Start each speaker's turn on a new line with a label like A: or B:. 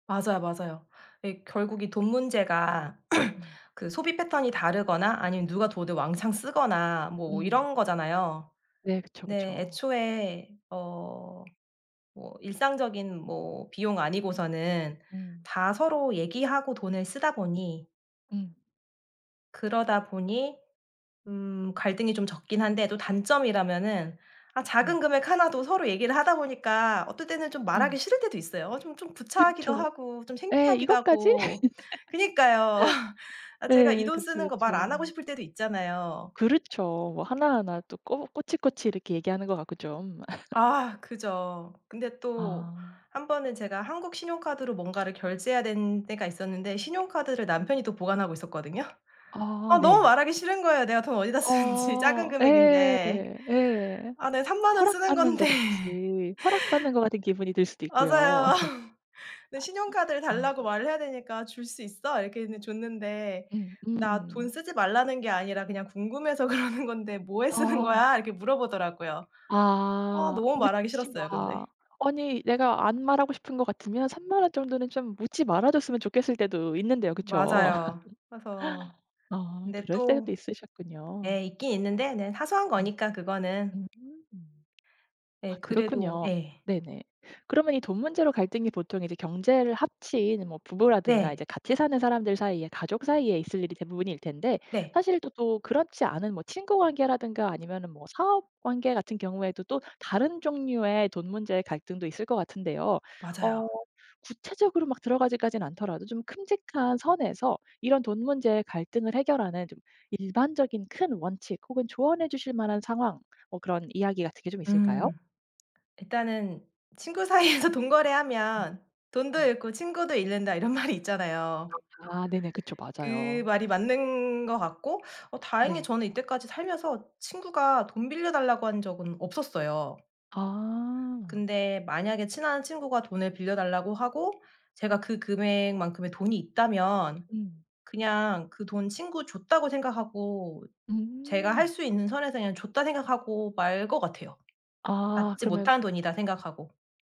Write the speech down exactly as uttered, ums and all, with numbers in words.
A: 맞아요, 맞아요. 예. 결국 이 돈 문제가
B: 음.
A: 그 소비 패턴이 다르거나 아니면 누가 돈을 왕창 쓰거나 뭐
B: 음.
A: 이런 거잖아요.
B: 네. 그쵸,
A: 네.
B: 그쵸.
A: 애초에 어 뭐 일상적인 뭐 비용 아니고서는
B: 음.
A: 다 서로 얘기하고 돈을 쓰다 보니
B: 음.
A: 그러다 보니 음. 갈등이 좀 적긴 한데 또 단점이라면은 아 작은
B: 네.
A: 금액 하나도 서로 얘기를 하다 보니까 어떨 때는 좀 말하기
B: 음.
A: 싫을 때도 있어요. 어 쫌쫌 구차하기도
B: 그쵸.
A: 하고 좀
B: 예
A: 창피하기도
B: 이것까지?
A: 하고. 그니까요. 아. 제가 이
B: 네.
A: 돈
B: 그쵸,
A: 쓰는 것 말 안 하고
B: 그쵸.
A: 싶을 때도 있잖아요.
B: 그렇죠. 뭐 하나하나 또 꼬 꼬치꼬치 이렇게 얘기하는 것 같고 좀.
A: 아. 그죠. 근데 또
B: 아.
A: 한 번은 제가 한국 신용카드로 뭔가를 결제해야 되는 때가 있었는데 신용카드를 남편이 또 보관하고 있었거든요.
B: 아
A: 아 너무
B: 네.
A: 말하기 싫은 거예요 내가 돈 어디다 쓰는지 작은
B: 어 예.
A: 금액인데.
B: 예.
A: 아 네. 삼만 원 쓰는
B: 허락받는 것
A: 건데.
B: 같이 허락받는 것 같은 기분이 들 수도 있구요.
A: 맞아요. 그 신용카드를
B: 아.
A: 달라고 말을 해야 되니까 "줄 수 있어?" 이렇게 했는 줬는데
B: 음
A: "나 돈
B: 음.
A: 쓰지 말라는 게 아니라 그냥 궁금해서 그러는 건데 뭐에 쓰는
B: 아.
A: 거야?" 이렇게 물어보더라고요. 와
B: 아.
A: 너무 말하기
B: 묻지
A: 싫었어요
B: 마.
A: 근데.
B: 아니 내가 안 말하고 싶은 것 같으면 삼만 원 정도는 좀 묻지 말아 줬으면 좋겠을 때도 있는데요. 그쵸?
A: 맞아요. 그래서
B: 아.
A: 근데
B: 그럴
A: 또
B: 때도 있으셨군요.
A: 예. 있긴 있는데 네. 사소한
B: 음.
A: 거니까 그거는.
B: 음. 아
A: 예. 그래도
B: 그렇군요.
A: 예.
B: 네네. 그러면 이 돈 문제로 갈등이 보통 이제 경제를 합친 뭐 부부라든가 이제
A: 네.
B: 같이 사는 사람들 사이에 가족 사이에 있을 일이 대부분일 텐데
A: 네.
B: 사실 또 또 그렇지 않은 뭐 친구 관계라든가 아니면은 뭐 사업 관계 같은 경우에도 또 다른 종류의 돈 문제의 갈등도 있을 것 같은데요. 어
A: 맞아요.
B: 구체적으로 막 들어가기까진 않더라도 좀 큼직한 선에서 이런 돈 문제의 갈등을 해결하는 좀 일반적인 큰 원칙 혹은 조언해 주실 만한 상황. 뭐 그런 이야기 같은 게 좀 있을까요?
A: 음. 일단은 '친구 사이에서 돈거래하면 돈도 잃고 친구도 잃는다.' 이런 말이 있잖아요.
B: 아 네네. 그쵸.
A: 그
B: 맞아요.
A: 말이 맞는 것 같고 어 다행히
B: 네.
A: 저는 이때까지 살면서 친구가 돈 빌려 달라고 한 적은 없었어요.
B: 아.
A: 근데 만약에 친한 친구가 돈을 빌려 달라고 하고 제가 그 금액만큼의 돈이 있다면
B: 음.
A: 그냥 그 돈 친구 줬다고 생각하고 제가 할
B: 음.
A: 수 있는 선에서 그냥 줬다 생각하고 말 거 같아요.
B: 아.
A: '받지
B: 그러면
A: 못한 돈'이다 생각하고.